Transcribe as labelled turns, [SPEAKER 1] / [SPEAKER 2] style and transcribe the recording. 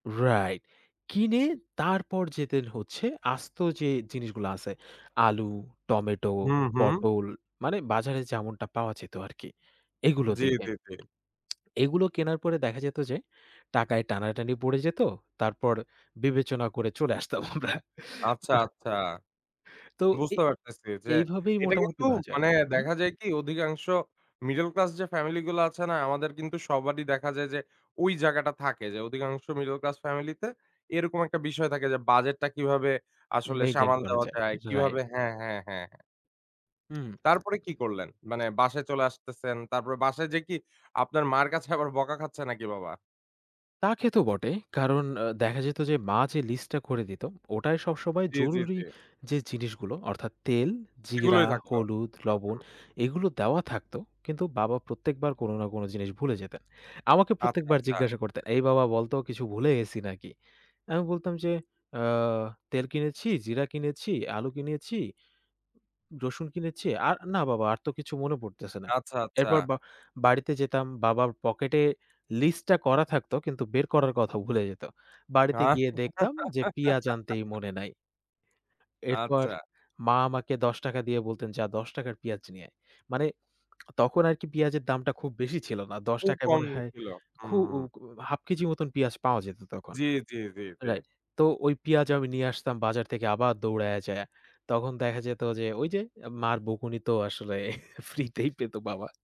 [SPEAKER 1] Right. কিনে তারপর যেতেন হচ্ছে আস্ত যে জিনিসগুলো আছে, আলু, টমেটো,
[SPEAKER 2] হুম, হুম।
[SPEAKER 1] পটল মানে বাজারে যেমনটা পাওয়া যেত আরকি। এগুলোর
[SPEAKER 2] জি,
[SPEAKER 1] দিকে।
[SPEAKER 2] জি, জি।
[SPEAKER 1] এগুলো কেনার পরে দেখা যেত যে টাকায় টানাটানি পড়ে যেত, তারপর বিবেচনা করে চলে আসতাম আমরা।
[SPEAKER 2] আচ্ছা, আচ্ছা
[SPEAKER 1] তো এ
[SPEAKER 2] বুঝতে পারতেছি যে
[SPEAKER 1] এইভাবেই
[SPEAKER 2] এটা
[SPEAKER 1] মোটামুটি
[SPEAKER 2] কিন্তু
[SPEAKER 1] বাজার
[SPEAKER 2] মানে
[SPEAKER 1] হুম?
[SPEAKER 2] দেখা যায় কি অধিকাংশ মিডল ক্লাস যে ফ্যামিলি গুলো আছে না? আমাদের কিন্তু সবারই দেখা যায় যে ওই জায়গাটা থাকে যে অধিকাংশ মিডল ক্লাস ফ্যামিলি তে এরকম একটা বিষয় থাকে যে বাজেটটা কিভাবে আসলে
[SPEAKER 1] মেইনটেইন
[SPEAKER 2] সামাল
[SPEAKER 1] করা
[SPEAKER 2] দেওয়া
[SPEAKER 1] যায়,
[SPEAKER 2] যায়। কিভাবে
[SPEAKER 1] রাইট।
[SPEAKER 2] হ্যাঁ, হ্যাঁ, হ্যাঁ, হ্যাঁ।
[SPEAKER 1] হুম।
[SPEAKER 2] তারপরে কি করলেন? মানে বাসায় চলে আসতেছেন, তারপরে বাসায় যেয়ে কি আপনার মার কাছে আবার বকা খাচ্ছে নাকি বাবা?
[SPEAKER 1] তা খেতো বটে। কারণ আ দেখা যেত যে মা যে লিস্টটা করে দিতো, ওটায় সবসময়
[SPEAKER 2] জি, জি,
[SPEAKER 1] জরুরি
[SPEAKER 2] জি।
[SPEAKER 1] যে জিনিসগুলো অর্থাৎ তেল, জিরা,
[SPEAKER 2] এগুলোই থাকতো।
[SPEAKER 1] হলুদ,
[SPEAKER 2] হুম,
[SPEAKER 1] লবণ
[SPEAKER 2] হুম।
[SPEAKER 1] এগুলো দেওয়া থাকত। কিন্তু বাবা প্রত্যেকবার কোন না কোন জিনিস ভুলে যেতেন। আমাকে
[SPEAKER 2] আচ্ছা,
[SPEAKER 1] প্রত্যেকবার
[SPEAKER 2] আচ্ছা।
[SPEAKER 1] জিজ্ঞাসা করতেন, “এই বাবা বলত কিছু ভুলে গেছি নাকি?" আমি বলতাম যে, “আ তেল কিনেছি, জিরা কিনেছি, আলু কিনেছি, উ রসুন কিনেছি। আর না বাবা আর তো কিছু মনে পড়তেছে না।"
[SPEAKER 2] আচ্ছা, আচ্ছা।
[SPEAKER 1] এরপর বা বাড়িতে যেতাম। বাবার পকেটে লিস্টটা করা থাকতো কিন্তু বের করার কথাও ভুলে যেত। বাড়িতে গিয়ে দেখতাম যে পিয়াজ আনতেই মনে নাই। এরপর
[SPEAKER 2] আচ্ছা।
[SPEAKER 1] মা আমাকে ৳১০ দিয়ে বলতেন, “যা ৳১০ র পেঁয়াজ নিয়ে আয়।" মানে তখন আরকি পেঁয়াজের দামটা খুব বেশি ছিল না। দশ
[SPEAKER 2] খুব
[SPEAKER 1] টাকা য়
[SPEAKER 2] কম
[SPEAKER 1] মনে হয়
[SPEAKER 2] ছিল।
[SPEAKER 1] খু
[SPEAKER 2] হুম,
[SPEAKER 1] উ
[SPEAKER 2] হুম।
[SPEAKER 1] কু ১/২ কেজি মত পেঁয়াজ পাওয়া যেত তখন
[SPEAKER 2] জি, জি, জি, জি।
[SPEAKER 1] রাইট। তো ওই পেঁয়াজ আমি নিয়ে আসতাম বাজার থেকে আবার দৌড়াইয়া যায়া। তখন দেখা যেত যে ঐ যে মার বকুনি তো আসলে ফ্রিতেই পেত বাবা।